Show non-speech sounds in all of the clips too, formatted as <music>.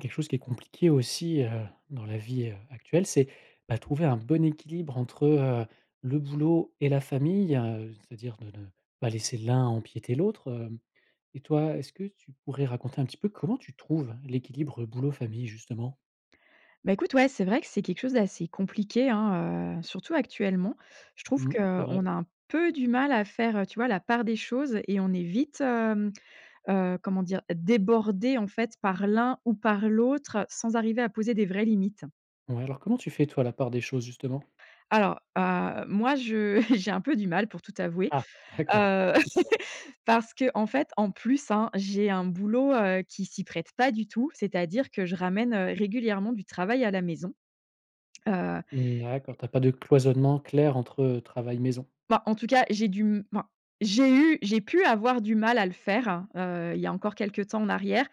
Quelque chose qui est compliqué aussi, heu, dans la vie heu, actuelle, c'est, ben trouver un bon équilibre entre, heu, le boulot et la famille, heu. C'est-à-dire de ne pas laisser l'un empiéter l'autre, hem. Et toi, est-ce que tu pourrais raconter un petit peu comment tu trouves l'équilibre boulot famille justement? Ben écoute, ouais, c'est vrai que c'est quelque chose d'assez compliqué, hein, heu, surtout actuellement. Je trouve Mmh. que, C'est heu, vrai. on a un peu du mal à faire, heu, tu vois la part des choses et on est vite, hem, heu, comment dire? Débordé en fait par l'un ou par l'autre, sans arriver à poser des vraies limites. Ouais, alors comment tu fais toi, la part des choses justement? Alors. Heu, moi je, <chuckles> j'ai un peu du mal pour tout t'avouer. Ah! D'accord. Heu, <laughs> parce qu'en fait en plus, hein, j'ai un boulot, heu, qui s'y prête pas du tout. C'est-à-dire que je ramène, heu, régulièrement du travail à la maison. Heu Mmh d'accord, tu as pas de cloisonnement clair entre, heu, travail maison? Bah, en tout cas j'ai dû m enfin, j'ai eu j'ai pu avoir du mal à le faire, heu, il y a encore quelque temps en arrière.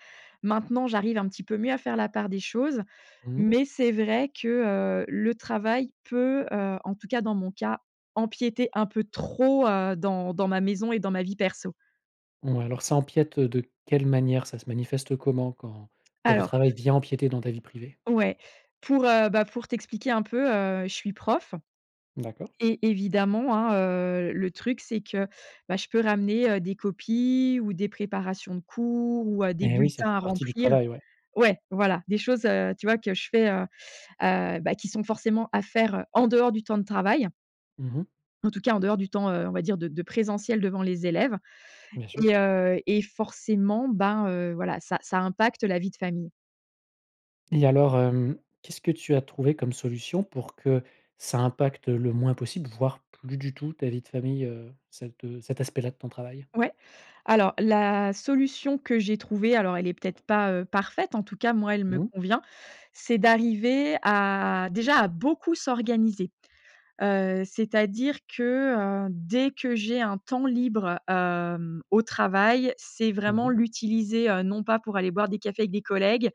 Maintenant j'arrive un petit peu mieux à faire la part des choses. Mmh. Mais c'est vrai que, heu, le travail peut, heu, en tout cas dans mon cas, empiéter un peu trop, heu, dans dans ma maison et dans ma vie perso. Ouais, alors ça empiète, heu, de quelle manière? Ça se manifeste, heu, comment quand quand le Alors. travail vient empiéter dans ta vie privée? Ouais. Pour, heu, bah, pour t'expliquer un peu, heu, je suis prof D'accord. et, évidemment hein, heu, le truc c'est que, bah, je peux ramener, heu, des copies, ou des préparations de cours ou, heu, des Et oui, ça bulletins fait à partie du remplir. travail, ouais. Ouais, voilà. Des choses, heu, tu vois, que je fais, heu, heu, bah, qui sont forcément à faire, heu, en dehors du temps de travail. Mmh mh. En tout cas, en dehors du temps, heu, on va dire de de présentiel devant les élèves Bien sûr. et, heu et forcément, ben, heu, voilà, ça ça impacte la vie de famille. Et alors, hem, qu'est-ce que tu as trouvé comme solution pour que, ça impacte le moins possible, voire plus du tout ta vie de famille, heu, cet, heu, cet aspect-là de ton travail? Ouais. Alors, la solution que j'ai trouvée, alors elle est peut-être pas, heu, parfaite, en tout cas moi elle me Mmh. convient. C'est d'arriver à déjà à beaucoup s'organiser, heu, c'est-à-dire que, heu, dès que j'ai un temps libre, hem, au travail, c'est Mmh vraiment mh. l'utiliser, heu, non pas pour aller boire des cafés avec des collègues,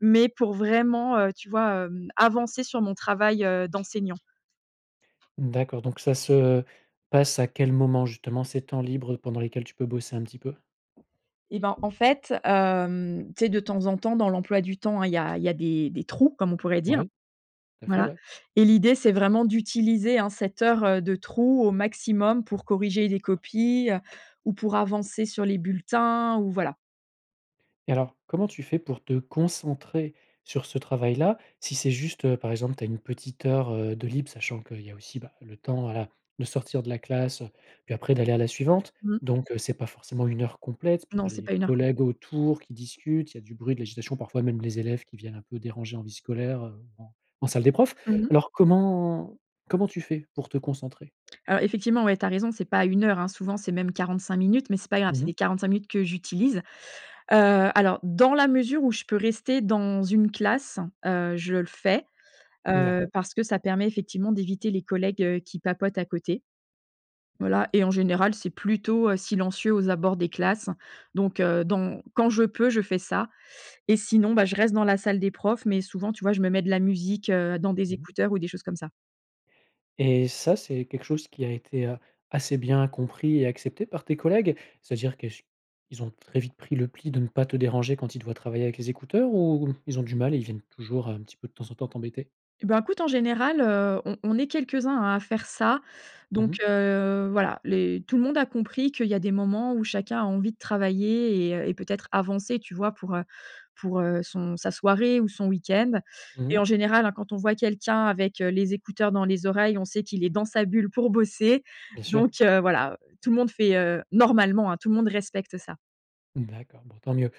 mais pour vraiment, heu, tu vois, hem, avancer sur mon travail, heu, d'enseignant. D'accord, donc ça se, heu, passe à quel moment, justement, ces temps libres pendant lesquels tu peux bosser un petit peu? Et ben en fait, hem, tu sais, de temps en temps, dans l'emploi du temps hein, il y a il y a des des trous comme on pourrait dire. Ouais. Tout à fait, Voilà ouais. et l'idée c'est vraiment d'utiliser hein cette heure, heu, de trou au maximum pour corriger les copies, ou pour avancer sur les bulletins ou voilà. Et alors, comment tu fais pour te concentrer sur ce travail-là? Si c'est juste, heu, par exemple, tu as 1 petite heure, heu, de libre, sachant qu'il y a aussi, bah, le temps, voilà, de sortir de la classe, heu, puis après d'aller à la suivante. Mmh. Donc, heu, c'est pas forcément 1 heure complète. Puis tu Non, as c'est les pas à 1 heure complète. collègues autour qui discutent, il y a du bruit, de l'agitation, parfois même les élèves qui viennent un peu déranger en vie scolaire, heu, en en salle des profs. Mmh mh. Alors comment comment tu fais pour te concentrer? Alors, effectivement, ouais, tu as raison, c'est pas à 1 heure, hein. Souvent, c'est même 45 minutes, mais c'est pas grave, Mmh c'est mh. les 45 minutes que j'utilise. Heu, alors, dans la mesure où je peux rester dans une classe, heu, je le fais, heu, D'accord. parce que ça permet effectivement d'éviter les collègues, heu, qui papotent à côté. Voilà et en général, c'est plutôt, heu, silencieux aux abords des classes, donc, heu, dans quand je peux, je fais ça et sinon, bah, je reste dans la salle des profs, mais souvent, tu vois, je me mets de la musique, heu, dans des Mmh mh. écouteurs ou des choses comme ça. Et ça, c'est quelque chose qui a été, heu, assez bien compris et accepté par tes collègues? C'est-à-dire que ch ils ont très vite pris le pli de ne pas te déranger quand ils te voient travailler avec les écouteurs, ou ils ont du mal et ils viennent toujours un petit peu, de temps en temps, t'embêter? Eh bah, écoute, en général, heu, on on est quelques-uns à faire ça. Mmh Donc, mh. heu, voilà, les tout le monde a compris qu'il y a des moments où chacun a envie de travailler et heu, et peut-être avancer, tu vois? Pour, heu, pour, heu, son sa soirée ou son week-end Mmh et mh. en général, hein, quand on voit quelqu'un avec, heu, les écouteurs dans les oreilles, on sait qu'il est dans sa bulle pour bosser Bien sûr. donc, heu, voilà, heu. Tout le monde fait, heu, normalement, hein, tout le monde respecte ça. D'accord. Bon tant mieux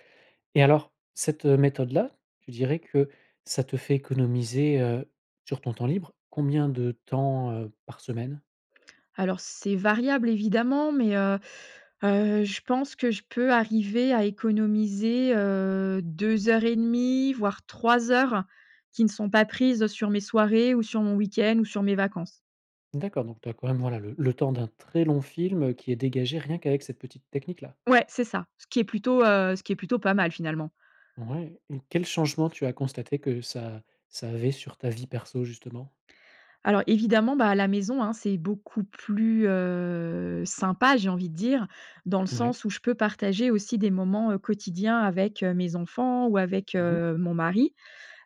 et alors, cette, heu, méthode-là, tu dirais que ça te fait économiser, heu, sur ton temps libre, combien de temps, heu, par semaine? Alors, c'est variable évidemment. Mais, heu heu, je pense que je peux arriver à économiser, heu, 2 heures et demi voire 3 heures qui ne sont pas prises sur mes soirées ou sur mon week-end ou sur mes vacances. D'accord. Donc, tu as quand même, voilà, le le temps d'un très long film qui est dégagé rien qu'avec cette petite technique-là? Ouais, c'est ça. Ce qui est plutôt, heu, ce qui est plutôt pas mal, finalement. Ouais et quel changement tu as constaté que ça ça avait sur ta vie perso justement? Alors, évidemment, bah, à la maison, hein, c'est beaucoup plus, heu, sympa, j'ai envie de dire. Dans le Ouais. sens où je peux partager aussi des moments, heu, quotidiens avec, heu, mes enfants ou avec, Mmh mh. heu, mon mari,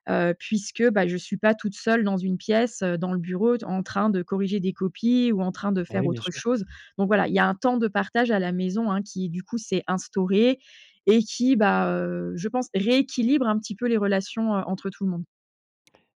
heu, puisque, bah, je suis pas toute seule dans une pièce, heu, dans le bureau, d en train de corriger des copies ou en train de Bah, faire oui. Bien autre sûr. chose. Donc, voilà, il y a un temps de partage à la maison, hein, qui, du coup, s'est instauré et qui, bah, heu, je pense rééquilibre un petit peu les relations, heu, entre tout le monde.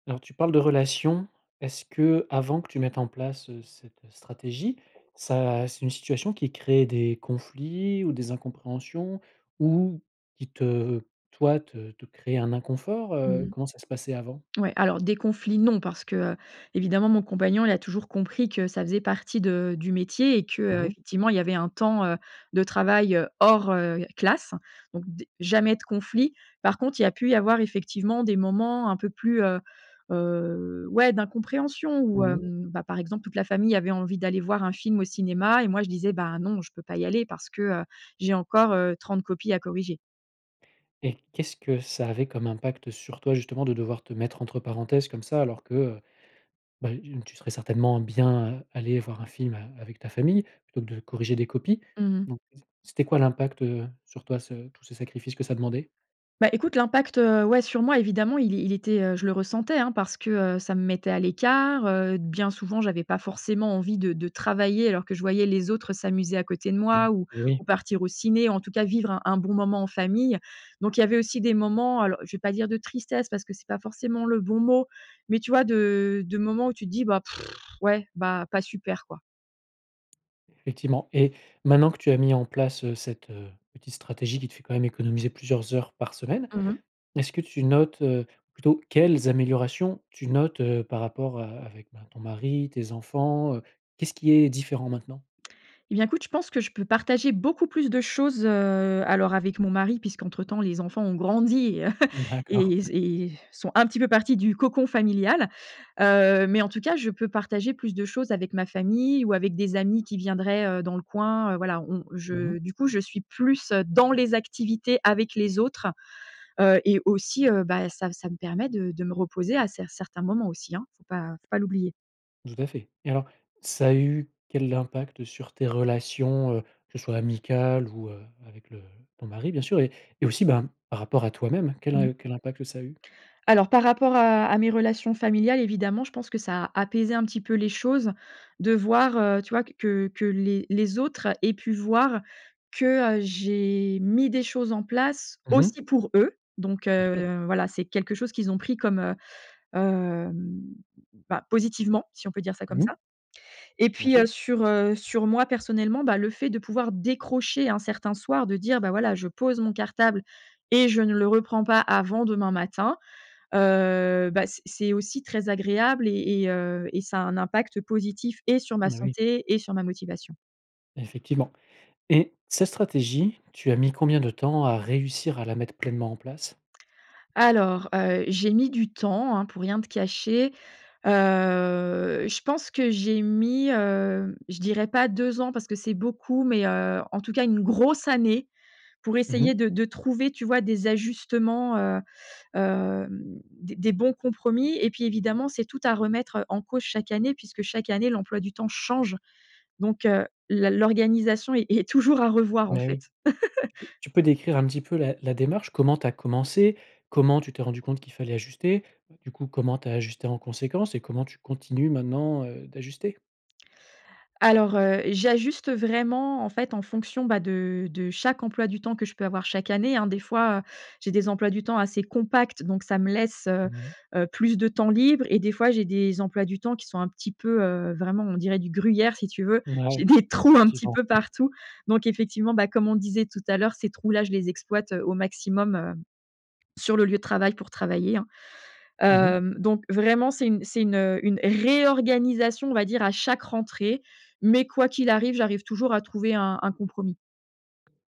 Alors tu parles de relation. Est-ce qu'avant que tu mettes en place, heu, cette stratégie, ça c'est une situation qui crée des conflits ou des incompréhensions ou qui te toi, te te crée un inconfort? Mmh Heu, mh. comment ça se passait avant? Ouais, alors des conflits non parce que, heu, évidemment mon compagnon il a toujours compris que ça faisait partie de du métier et Mmh que mh. effectivement il y avait un temps, heu, de travail hors, heu, classe donc des jamais de conflit. Par contre, il y a pu y avoir effectivement des moments un peu plus, heu heu, ouais d'incompréhension où, Mmh mh. hem, bah, par exemple toute la famille avait envie d'aller voir un film au cinéma et moi je disais: «Bah non je peux pas y aller parce que, heu, j'ai encore, heu, 30 copies à corriger». Et qu'est-ce que ça avait comme impact sur toi justement de devoir te mettre entre parenthèses comme ça alors que, heu, bah, une tu serais certainement bien, heu, aller voir un film a avec ta famille, plutôt que de corriger des copies? Mmh mh. Donc,, c'était quoi l'impact, heu, sur toi ce tous ces sacrifices que ça demandait? Bah, écoute, l'impact, heu, ouais, sur moi évidemment il il était, heu je le ressentais, hein, parce que, heu, ça me mettait à l'écart, heu, bien souvent j'avais pas forcément envie de de travailler alors que je voyais les autres s'amuser à côté de moi, ou Oui. ou partir au ciné en tout cas vivre un un bon moment en famille. Donc il y avait aussi des moments, alors je vais pas dire de tristesse parce que c'est pas forcément le bon mot mais tu vois de de moments où tu te dis: <scoffs> «Ouais, bah, pas super quoi». Effectivement et maintenant que tu as mis en place, heu, cette, heu, petite stratégie qui te fait quand même économiser plusieurs heures par semaine. Mmh mh. Est-ce que tu notes, heu plutôt quelles améliorations tu notes, heu, par rapport a avec, ben, ton mari, tes enfants? Heu, qu'est-ce qui est différent maintenant? Et bien écoute, je pense que je peux partager beaucoup plus de choses, heu, alors avec mon mari puisque entre temps les enfants ont grandi <chuckles> D'accord. <chuckles> et z et sont un petit peu partis du cocon familial. Heu, mais en tout cas je peux partager plus de choses avec ma famille ou avec des amis qui viendraient, heu, dans le coin, heu, voilà on Mmh mh. je, du coup, je suis plus dans les activités avec les autres, heu, et aussi, heu, bah, ça ça me permet de de me reposer à cer certains moments aussi, hein faut pas faut pas l'oublier. Tout à fait. Et alors ça a eu quel impact sur tes relations, heu, que ce soit amicales ou, heu, avec le ton mari bien sûr et et aussi ben, par rapport à toi-même, quel Mmh. im quel impact ça a eu? Alors par rapport à à mes relations familiales évidemment, je pense que ça a apaisé un petit peu les choses de voir, heu, tu vois que que les les autres aient pu voir que, heu, j'ai mis des choses en place Mmh mh. aussi pour eux. Donc, Bien sûr. heu, voilà c'est quelque chose qu'ils ont pris comme, heu, hem, bah, positivement si on peut dire ça comme Mmh ça. mh. Et Bien puis, sûr. heu, sur, heu, sur moi personnellement, bah, le fait de pouvoir décrocher un certain soir de dire, bah, voilà je pose mon cartable et je ne le reprends pas avant demain matin, heu, bah, c'est c'est aussi très agréable et et heu, et ça a un impact positif et sur ma Bah oui. santé et sur ma motivation. Effectivement. Et cette stratégie, tu as mis combien de temps à réussir à la mettre pleinement en place? Alors, heu, j'ai mis du temps, hein, pour rien te cacher. Heu, je pense que j'ai mis, heu, je dirais pas 2 ans parce que c'est beaucoup mais, heu, en tout cas une grosse année pour Mmh mh. essayer de de trouver, tu vois des ajustements, heu, hem, des des bons compromis et puis évidemment c'est tout à remettre en cause chaque année, puisque chaque année l'emploi du temps change donc, heu, la l'organisation est est toujours à revoir en Mais oui. fait. <laughs> Tu peux décrire un petit peu la la démarche. Comment tu as commencé? Comment tu t'es rendue compte qu'il fallait ajuster? Heu, du coup, comment tu as ajusté en conséquence? Et comment tu continues maintenant, heu, d'ajuster? Alors, heu, j'ajuste vraiment en fait en fonction, bah, de de chaque emploi du temps que je peux avoir chaque année, hein, des fois, heu, j'ai des emplois du temps assez compacts donc ça me laisse, heu, Mmh mh. heu, plus de temps libre et des fois j'ai des emplois du temps qui sont un petit peu, heu, vraiment on dirait du gruyère si tu veux, j'ai Mouais, des trous un petit effectivement. peu partout. Donc effectivement, bah, comme on disait tout à l'heure ces trous-là je les exploite au maximum, heu, sur le lieu de travail pour travailler, hein. Mmh mh. Hem, donc vraiment c'est une c'est une, heu, une réorganisation on va dire à chaque rentrée mais quoi qu'il arrive, j'arrive toujours à trouver un un compromis.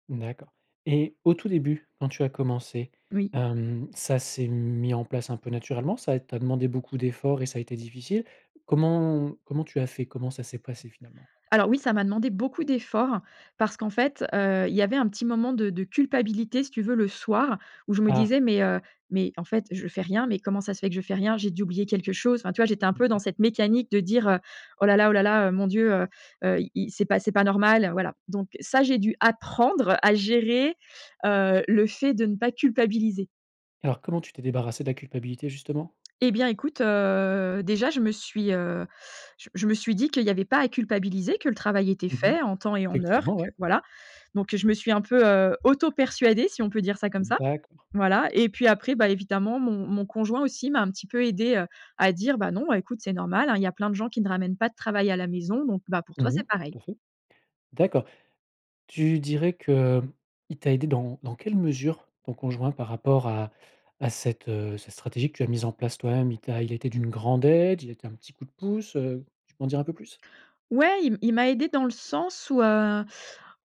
Mmh, d'accord. Et au tout début, quand tu as commencé, Oui. hem, ça s'est mis en place un peu naturellement? Ça t'a demandé beaucoup d'efforts et ça a été difficile? Comment comment tu as fait? Comment ça s'est passé finalement? Alors oui ça m'a demandé beaucoup d'efforts parce qu'en fait, heu, il y avait un petit moment de de culpabilité si tu veux le soir je me Ah! disais: «Mais, heu, mais en fait je fais rien, mais comment ça se fait que je fais rien? J'ai dû oublier quelque chose». Enfin, tu vois j'étais un Mmh peu dans mh. cette mécanique de dire: «Heu, oh là là oh là là, mon Dieu, heu heu, il il c'est pas c'est pas normal». Voilà, donc ça j'ai dû apprendre à gérer, heu, le fait de ne pas culpabiliser. Alors, comment tu t'es débarrassée de la culpabilité justement? Et bien écoute, heu, déjà je me suis, heu, je je me suis dit qu'il y avait pas à culpabiliser que le travail était Mmh mh. fait en temps et en heure et Effectivement, que ouais. voilà. Donc je me suis un peu, heu, auto persuadée si on peut dire ça comme Mmh. ça D'accord. voilà. Et puis après, bah, évidemment mon mon conjoint aussi m'a un petit peu aidée, heu, à dire: «Bah, non écoute c'est normal, hein, il y a plein de gens qui ne ramènent pas de travail à la maison donc, bah, pour Mmh toi mh. c'est pareil». Tout à fait. D'accord. Tu dirais qu'il t'a aidée dans dans quelle mesure ton conjoint par rapport à à cette, heu, cette stratégie que tu as mise en place toi-même? Il t'a il a été d'une grande aide? Il a été un petit coup de pouce? Heu, tu peux m'en dire un peu plus? Ouais, il il m'a aidée dans le sens où, heu,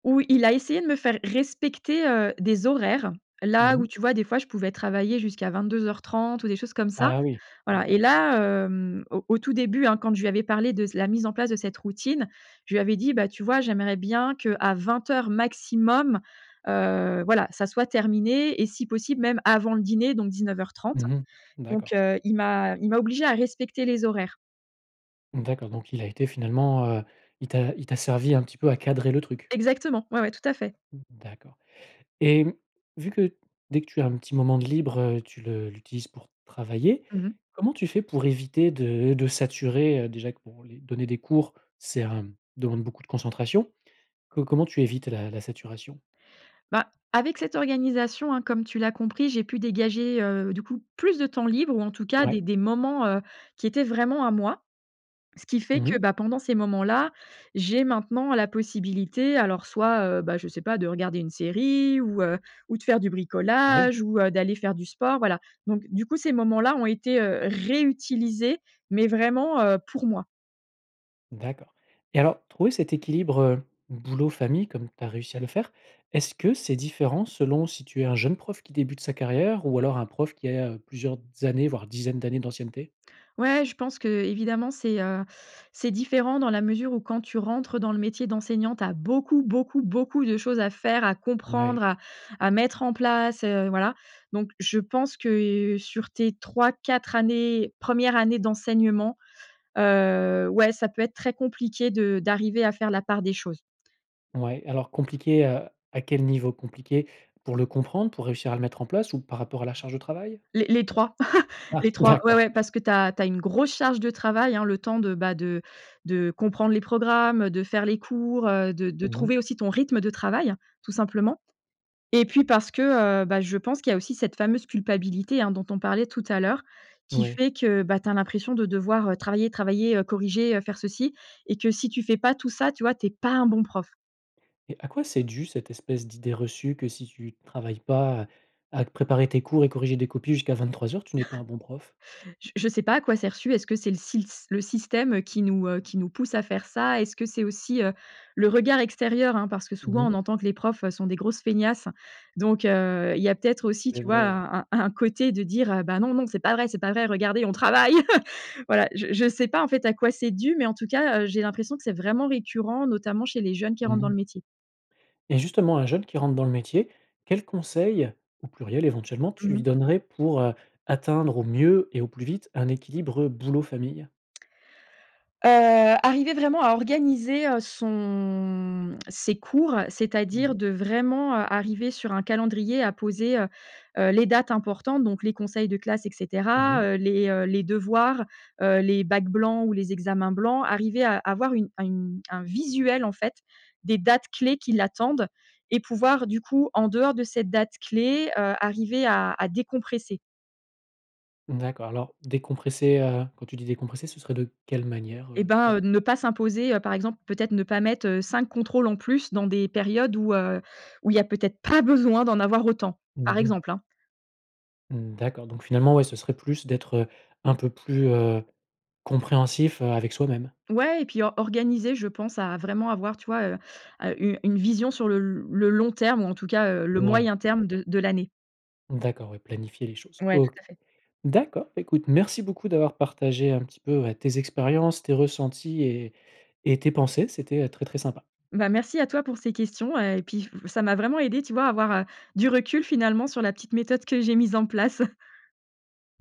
où il a essayé de me faire respecter, heu, des horaires. Là Mmh mh. où, tu vois des fois je pouvais travailler jusqu'à 22:30 ou des choses comme ça. Ah oui. Voilà et D'accord. là, hem, au au tout début, hein, quand je lui avais parlé de s la mise en place de cette routine je lui avais dit: «Bah, tu vois j'aimerais bien qu’à 20:00 maximum, heu, voilà ça soit terminé et si possible même avant le dîner donc 19:30». Mmh mh. Donc, D'accord. heu, il m'a il m'a obligée à respecter les horaires. D'accord, donc il a été finalement, heu, il t'a il t'a servi un petit peu à cadrer le truc. Exactement. Ouais, ouais, tout à fait. D'accord. Et mmh, vu que dès que tu as un petit moment de libre, heu, tu le l'utilises pour travailler, Mmh mh. comment tu fais pour éviter de de saturer? Heu déjà que bon les donner des cours, c'est hem demande beaucoup de concentration. Co comment tu évites la la saturation? Bah, avec cette organisation, hein, comme tu l'as compris, j'ai pu dégager, heu, du coup plus de temps libre ou en tout cas Ouais. des des moments, heu, qui étaient vraiment à moi, ce qui fait Mmh que mh. bah, pendant ces moments-là, j'ai maintenant la possibilité, alors soit, heu, bah je sais pas, de regarder une série ou, heu, ou de faire du Ouais. bricolage ou, heu, d'aller faire du sport, voilà. Donc du coup ces moments-là ont été, heu, réutilisés mais vraiment, heu, pour moi. D'accord. Et alors trouver cet équilibre, heu, boulot- famille comme tu as réussi à le faire, est-ce que c'est différent selon si tu es un jeune prof qui débute sa carrière ou alors un prof qui a plusieurs années, voire dizaines d'années d'ancienneté? Ouais, je pense qu'évidemment, c'est, heu, c'est différent dans la mesure où quand tu rentres dans le métier d'enseignant tu as beaucoup, beaucoup, beaucoup de choses à faire à comprendre Ouais. à à mettre en place, heu, voilà. Donc je pense que, heu, sur tes 3-4 années, 1res années d'enseignement, heu, ouais, ça peut être très compliqué de d'arriver à faire la part des choses. Ouais. Alors compliqué, heu, à quel niveau, compliqué? Pour le comprendre, pour réussir à le mettre en place ou par rapport à la charge de travail? Les les 3 <chuckles> Ah les 3, ouais d'accord. ouais parce que tu as tu as une grosse charge de travail, hein, le temps de, bah, de de comprendre les programmes, heu, de faire les cours, heu, de de Mmh mh. trouver aussi ton rythme de travail, tout simplement. Et puis parce que, heu, bah, je pense qu'il y a aussi cette fameuse culpabilité, hein, dont on parlait tout à l'heure, qui Ouais. fait que bah tu as l'impression de devoir, heu, travailler, travailler, heu, corriger, heu, faire ceci, et que si tu fais pas tout ça, tu vois, tu es pas un bon prof. Et à quoi c'est dû, cette espèce d'idée reçue que si tu travailles pas à à te préparer tes cours et corriger des copies jusqu'à 23:00, tu n'es pas un bon prof? <laughs> J je sais pas à quoi c'est reçu. Est-ce que c'est le sils le système, heu, qui nous heu, qui nous pousse à faire ça? Est-ce que c'est aussi, heu, le regard extérieur, hein, parce que Mmh souvent mh. on entend que les profs, heu, sont des grosses feignasses. Donc, heu, il y a peut-être aussi C'est tu vois vrai, ouais. un un un côté de dire, heu: «Bah non, non, c'est pas vrai, c'est pas vrai: regardez, on travaille». <laughs> Voilà, je je sais pas, en fait, à quoi c'est dû mais en tout cas, heu, j'ai l'impression que c'est vraiment récurrent notamment chez les jeunes qui Mmh rentrent dans mh. le métier. Et justement, un jeune qui rentre dans le métier, quels conseils- au pluriel éventuellement- tu Mmh lui mh. donnerais pour, heu, atteindre au mieux et au plus vite un équilibre, heu, boulot- famille? Heu, arriver vraiment à organiser, heu, son ses cours, heu, Mmh c'est-à-dire mh. de vraiment, heu, arriver sur un calendrier à poser, heu heu, les dates importantes donc les conseils de classe et Mmh cetera, mh. heu, les, heu, les devoirs, heu, les bacs blancs ou les examens blancs, arriver à avoir une à une un visuel, en fait, des dates clés qui l'attendent et pouvoir du coup en dehors de ces dates clés, heu, arriver à à décompresser. Mmh, d'accord, alors décompresser, heu, quand tu dis «décompresser», ce serait de quelle manière, Et heu, tu pen ben, heu, ne pas s'imposer, heu, par exemple peut-être ne pas mettre, heu, 5 contrôles en plus dans des périodes où, heu, où il y a peut-être pas besoin d'en avoir autant. Mmh Par mh. exemple, hein. Mmh, d'accord, donc finalement, ouais, ce serait plus d'être, heu, un peu plus, heu, compréhensif, heu, avec soi-même. Ouais et puis or organiser, je pense, à vraiment avoir, tu vois, heu, heu, une une vision sur le le long terme, ou en tout cas, heu, le Ouais, moyen terme d'accord. de de l'année. D'accord, ouais, planifier les choses. Ouais tout OK. à fait. D'accord. Beh, écoute, merci beaucoup d'avoir partagé un petit peu, heu, tes expériences, tes ressentis et et tes pensées, c'était, heu, très, très sympa. Bah, merci à toi pour ces questions, heu, et puis ça ça m'a vraiment aidée, tu vois, à avoir, heu, du recul, finalement, sur la petite méthode que j'ai mise en place.